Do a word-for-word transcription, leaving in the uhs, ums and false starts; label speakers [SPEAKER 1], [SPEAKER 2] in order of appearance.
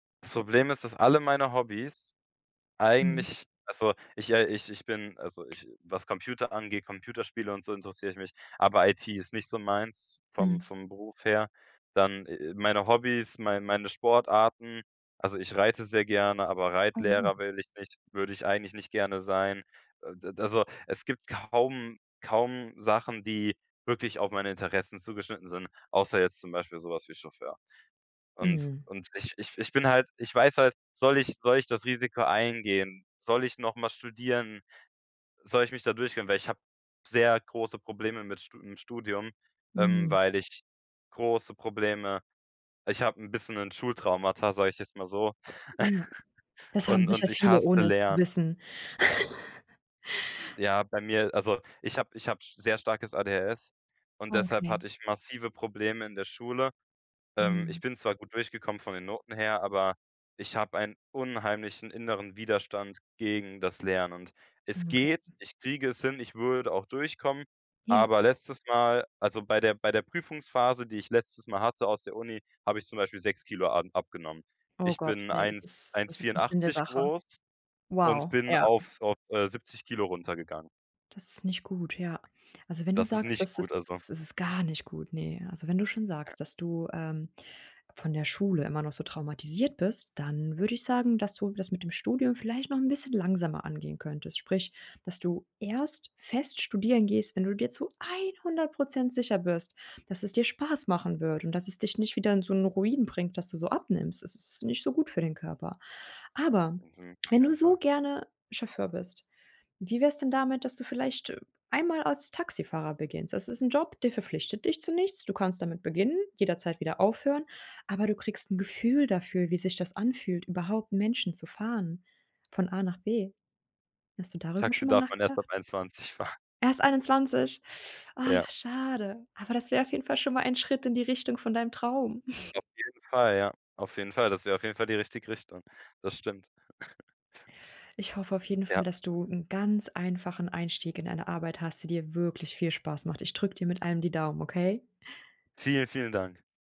[SPEAKER 1] Das Problem ist, dass alle meine Hobbys,
[SPEAKER 2] Mhm.
[SPEAKER 1] eigentlich also ich, äh, ich ich bin, also ich was Computer angeht, Computerspiele und so interessiere ich mich, aber IT ist nicht so meins vom
[SPEAKER 2] Mhm.
[SPEAKER 1] vom Beruf her. Dann, äh äh, meine Hobbys, mei meine Sportarten also ich reite sehr gerne, aber Reitlehrer
[SPEAKER 2] Aha.
[SPEAKER 1] will ich nicht würde ich eigentlich nicht gerne sein. D d also es gibt kaum kaum Sachen, die wirklich auf meine Interessen zugeschnitten sind, außer jetzt zum Beispiel sowas wie Chauffeur. Und
[SPEAKER 2] Mhm.
[SPEAKER 1] und ich ich ich bin halt ich weiß halt, soll ich soll ich das Risiko eingehen? Soll ich nochmal studieren? Soll ich mich da durchkämpfen? Weil ich habe sehr große Probleme mit St im Studium, ähm,
[SPEAKER 2] Mhm.
[SPEAKER 1] weil ich große Probleme ich habe 'n bisschen 'n Schultraumata, sage ich jetzt mal so,
[SPEAKER 2] Immer. Das haben
[SPEAKER 1] und
[SPEAKER 2] sicher
[SPEAKER 1] und ich
[SPEAKER 2] viele,
[SPEAKER 1] hasse
[SPEAKER 2] ohne es zu
[SPEAKER 1] Lernen.
[SPEAKER 2] wissen.
[SPEAKER 1] Ja, bei mir, also ich hab ich habe sehr starkes ADHS, und
[SPEAKER 2] Ah,
[SPEAKER 1] deshalb hatte
[SPEAKER 2] okay.
[SPEAKER 1] ich massive Probleme in der Schule. Ähm, ich
[SPEAKER 2] Mhm.
[SPEAKER 1] bin zwar gut durchgekommen von den Noten her, aber, ich habe ein unheimlichen inneren Widerstand gegen das Lernen und es
[SPEAKER 2] Mhm, okay.
[SPEAKER 1] geht, ich kriege es hin, ich würde auch durchkommen,
[SPEAKER 2] Ja.
[SPEAKER 1] aber letztes Mal, also bei der bei der bei der Prüfungsphase, die ich letztes Mal hatte aus der Uni, habe ich zum Beispiel sechs Kilo am abgenommen.
[SPEAKER 2] Oh
[SPEAKER 1] Ich
[SPEAKER 2] Gott,
[SPEAKER 1] bin
[SPEAKER 2] ne, das
[SPEAKER 1] eins
[SPEAKER 2] ist
[SPEAKER 1] eins
[SPEAKER 2] das ist nich Sinn der
[SPEAKER 1] vierundachtzig
[SPEAKER 2] Sache.
[SPEAKER 1] groß und
[SPEAKER 2] Wow,
[SPEAKER 1] bin
[SPEAKER 2] ja.
[SPEAKER 1] auf so, äh, siebzig Kilo runtergegangen.
[SPEAKER 2] Das ist nicht gut, ja. Also, wenn du
[SPEAKER 1] Das ist
[SPEAKER 2] sagst,
[SPEAKER 1] nicht
[SPEAKER 2] das
[SPEAKER 1] gut, also.
[SPEAKER 2] ist es ist gar nicht gut, ne? Also, wenn du schon
[SPEAKER 1] Ja.
[SPEAKER 2] sagst, dass du, ähm, von der Schule immer noch so traumatisiert bist, dann würde ich sagen, dass du das mit dem Studium vielleicht noch 'n bisschen langsamer angehen könntest, sprich, dass du erst fest studieren gehst, wenn du dir zu einhundert Prozent sicher bist, dass es dir Spaß machen wird und dass es dich nicht wieder in so 'n Ruin bringt, dass du so abnimmst. Es ist nicht so gut für den Körper. Aber,
[SPEAKER 1] Mhm, auf
[SPEAKER 2] wenn du
[SPEAKER 1] jeden
[SPEAKER 2] so
[SPEAKER 1] Fall.
[SPEAKER 2] gerne Chauffeur bist, wie wär's denn damit, dass du vielleicht, äh, ein mal als Taxifahrer beginnst? Das ist 'n Job, der verpflichtet dich zu nichts, du kannst damit beginnen, jederzeit wieder aufhören, aber du kriegst 'n Gefühl dafür, wie sich das anfühlt, überhaupt Menschen zu fahren, von A nach B. Hast du darüber
[SPEAKER 1] Taxi
[SPEAKER 2] schonmal
[SPEAKER 1] darf man erst
[SPEAKER 2] nachgedacht?
[SPEAKER 1] ab einundzwanzig fahr.
[SPEAKER 2] Erst einundzwanzig, oh,
[SPEAKER 1] Ja.
[SPEAKER 2] schade. Aber das wär auf jeden Fall schonmal ein Schritt in die Richtung von deinem Traum.
[SPEAKER 1] Auf jeden Fall, ja. Auf jeden Fall. Das wäre auf jeden Fall die richtige Richtung. Das stimmt.
[SPEAKER 2] Ich hoffe auf jeden
[SPEAKER 1] Ja.
[SPEAKER 2] Fall, dass du 'n ganz einfachen Einstieg in eine Arbeit hast, die dir wirklich viel Spaß macht. Ich drück dir mit allem die Daumen, okay?
[SPEAKER 1] Vielen, vielen Dank.